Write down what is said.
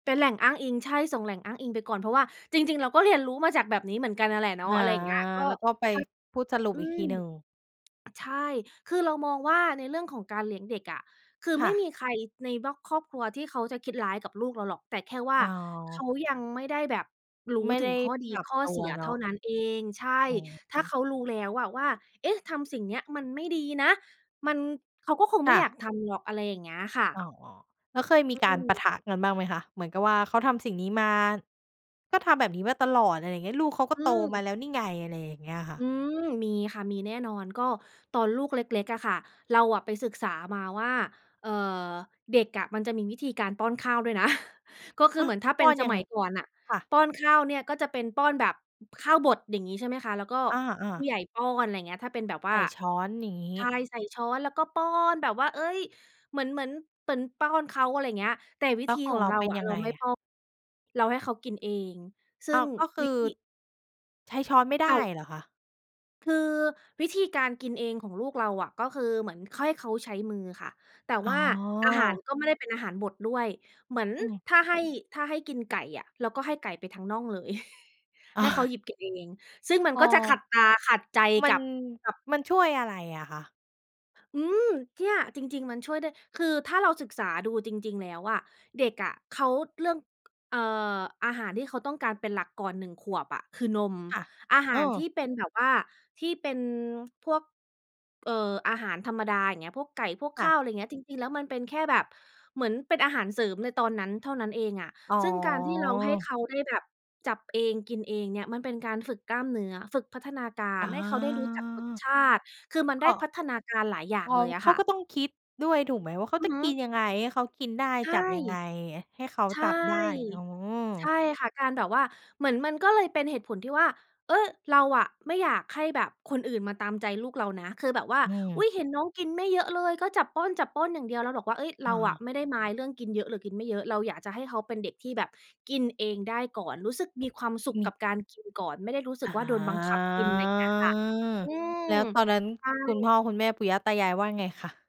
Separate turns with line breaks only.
เป็นแหล่งอ้างอิง ใช่ ส่งแหล่งอ้างอิงไปก่อน เพราะว่าจริง ๆ เราก็เรียนรู้มาจากแบบนี้เหมือนกันนั่นแหละเนา
อ
ะ
า
อะไรอย่างเงี้ย ก็
แล้วก็ไปพูดสรุป
ทั้ง อื
อีกท
ม
ีหนึ่ง
ใช่ คือเรามองว่าในเรื่องของการเลี้ยงเด็กอะ คือ
ค
ไ
่
ม่
ะ
มีใครในบล็อกครอบครัวที่เขาจะคิดร้ายกับลูกเราหรอก แต่แค่ว่า
อ๋
เข
อ
ายังไม่ได้แบบรู
ไ
้
ม่
ถ
ไ
ึ
ด้
งข้อด
ป
ี
รับ
ข้อ
ตั
เส
ว
ีย
เน
เ
า
ท่า
ะ
นั้นเอง ใช่
อือ
ถ
ฮ
้าเ
ึ
ขารู้แล้วอะว่า เอ๊ะ! ทำสิ่งเนี้ยมันไม่ดีนะ มัน เขาก็คง
ค
ไม่
่
อยา
ะ
กทำหรอก อะไรอย่างเงี้ยค่
อ
ะ
๋อ แล้วเคยมี
อ
ก
ื
ารปะ
ม
ทะกันบ้างไหมคะ เหมือนกับว่า เขาทำสิ่งนี้มา ก็ทำแบบนี้มาตลอด อะไรเงี้ย ลูกเขาก็
อื
โตมา
ม
แล้วนี่ไง อะไรอย่างเงี้ยค่
อ
ะ
ืม มีค่ะ มีแน่นอน ก็ตอนลูกเล็ก ๆ อะค่ะ เราอะไปศึกษามาว่า เอ่อ เด็กอะมันจะมีวิธีการป้อนข้าวด้วยนะ ก็คื
อ
อ
้า
เห
ว
มือนถ้าเ
ป
ป
้
็
อ
น
น
ส
ยัง
ม
ง
ัยก่อนน่ะ
ค่ะ
ป้อนข้าวเนี่ยก็จะเป็นป้อนแบบข้าวบด อย่างงี้ใช่ไหมคะ แล้วก็
อา
ผู
ๆ
้ใหญ่ป้อน อะไรเงี้ย ถ้าเป็นแบบว่
ใ
า
ส่ช้อน อย่างงี
ใช
้
่ ใส่ช้อนแล้วก็ป้อน แบบว่า เอ๊ย! เหมือน เหมือน เหมือนป้อนเขา อะไรเงี้ย แต่วิ
แล้
ธ
ว
ี
ของ
ขอ
เ
ง
รา
เรา
เป็น
อะ
ยัง
เรา
ไง
ไม่
อะ?
ป้อน เราให้เขากินเอง ซึ
อ
่
้า
ง
ว ก็ค
ว
ื
ิ
อ
ธี
ใช้ช้อนไม่ไ
เ
ด
ต่
้
า
เหรอคะ?
คือวิธีการกินเองของลูกเราอะ ก็คือเหมือนค่อย เขาใช้มือค่ะ แต่
อ๋
ว
อ
่าอาหารก็ไม่ได้เป็นอาหารบดด้วย เหมือน
อืม
ถ้าให้ ถ้าให้กินไก่อะ เราก็ให้ไก่ไปทั้งน่องเลย ให้เขาหยิบกินเอง ซึ่งมัน
อ๋อ
ก็จะขัดตา ขัดใจ
มั
กั
น
บ กับ
มันช่วยอะไรอะคะ?
อืม เนี่ย จริง ๆ มันช่วยได้ คือถ้าเราศึกษาดูจริง ๆ แล้วอะ เด็กอะเขา เรื่อง เอ่อ อาหารที่เขาต้องการเป็นหลักก่อน 1 ขวบอะคือนม
ค่ะ
อาห
เอ
ารที
อ
่เป็นแบบว่าที่เป็นพวก เอ่อ อาหารธรรมดา อย่างเงี้ย พวกไก่ พวก
ค
ข
่
้
ะ
าว ไรเงี้ย จริง ๆ แล้วมันเป็นแค่แบบเหมือนเป็นอาหารเสริมในตอนนั้นเท่านั้นเองอะ
อ๋
ซึ่งการที่เราให้
อ
เขาได้แบบจับเอง กินเองเนี่ย มันเป็นการฝึกกล้ามเนื้อ ฝึกพัฒนากา
อ
ร
๋อ
ให้เขาได้รู้จักรสชาติ คือมัน
ค
ได้
่
พ
ะ
ัฒนาการหลายอย่า
เอ
ง
า
เลยอ
เ
ะ
ข
ค
า
่
ก
ะ
็ต้องคิดด้วยถูกไหมว่าเขา
อื
จ
อ
ะ
ฮึ
กินยังไงให้เขากินได้
ใช
จ
่
ับยังไงให้เขา
ใช
จ
่
ับได้? อ๋
ใช่
อ
ค่ะ การแบบว่า เหมือนมันก็เลยเป็นเหตุผลที่ว่า เออ! เราอะไม่อยากให้แบบคนอื่นมาตามใจลูกเรานะ คือแบบว่า
อื
อุ
ม
๊ย! เห็นน้องกินไม่เยอะเลย ก็จับป้อน ๆ อย่างเดียว เราบอกว่า เอ๊ย! เร
อ
าอะ
า
ไม่ได้ mind เรื่องกินเยอะหรือกินไม่เยอะ เราอยากจะให้เขาเป็นเด็กที่แบบกินเองได้ก่อน รู้สึกมีความสุข
ม
กั
ี
บการกินก่อน ไม่ได้รู้สึ
อ
ก
๋อ
ว่าโดนบังคับกิน ไรเงี้ยค่ะ อื
แ
ม
ล้วตอนนั้น
ใช่
คุณพ่อ คุณแม่ ปู่ย่า ตายาย ว่าไงคะ?